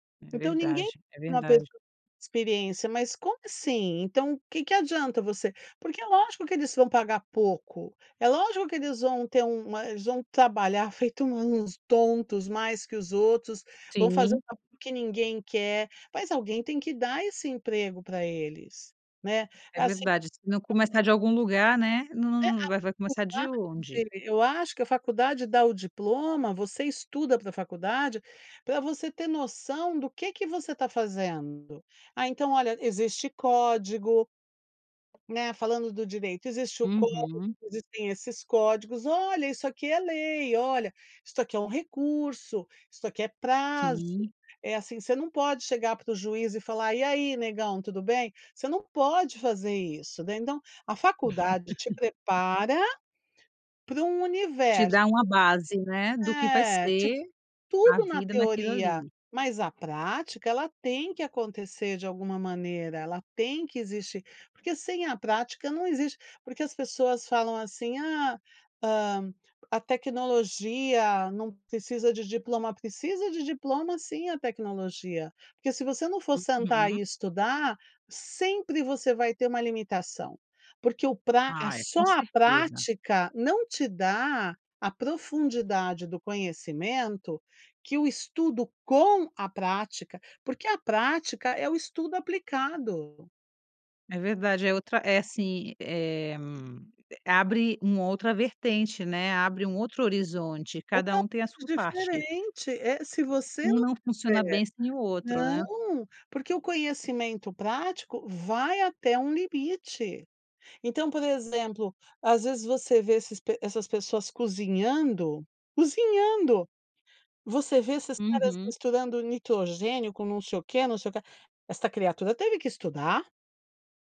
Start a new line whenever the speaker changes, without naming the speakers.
É
Então ninguém
verdade, é
por uma pessoa
verdade.
experiência mas como assim? Então o que que adianta você porque é lógico que eles vão pagar pouco, é lógico que eles vão ter uma eles vão trabalhar feito uns tontos mais que os outros, vão fazer
Sim.
[unintelligible] que ninguém quer, mas alguém tem que dar esse emprego pra eles né,
É
é assim
verdade, se não
[unintelligible]
começar de algum lugar, né, num
É
num num num vai vai
[unintelligible]
começar de onde?
eu acho que a faculdade dá o diploma, você estuda pra faculdade, pra você ter noção do que é que você tá fazendo. Ah então olha existe código, né. Falando do direito, existe o código
Uhum.
existem esses códigos, “Olha, isso aqui é lei! Olha, isso aqui é um recurso, isso aqui é prazo”,
Sim.
é assim, você não pode chegar para o juiz e falar: "E aí, negão tudo bem?". Você não pode fazer isso, né, então, a faculdade te prepara para um
De
universo.
dar uma base, né, do que vai
É, Tipo
ser a
tudo na
vida naquilo
teoria,
ali.
mas a prática ela tem que acontecer de alguma maneira, ela tem que existir, porque sem a prática não existe porque as pessoas falam assim: "Ah, hã, a tecnologia não precisa de diploma", precisa de diploma sim a tecnologia, porque se você não for sentar
Uhum.
e estudar, sempre você vai ter uma limitação, porque o praga,
Ah é,
só
com
a
certeza.
prática não te dá a profundidade do conhecimento que o estudo com a prática, porque a prática é o estudo aplicado.
É verdade, é outra é assim, eh, abre uma outra vertente, né, abre um outro horizonte, cada
Totalmente
um tem a sua parte.
diferente, eh, se você
Um
não
não funciona
tiver
bem sem o outro, né.
não, porque o conhecimento prático vai até um limite, então por exemplo, as vezes você vê esses p essas pessoas cozinhando, cozinhando, você vê esses caras
Uhum.
misturando nitrogênio com não sei o quê, não sei o quê, esta criatura teve que estudar.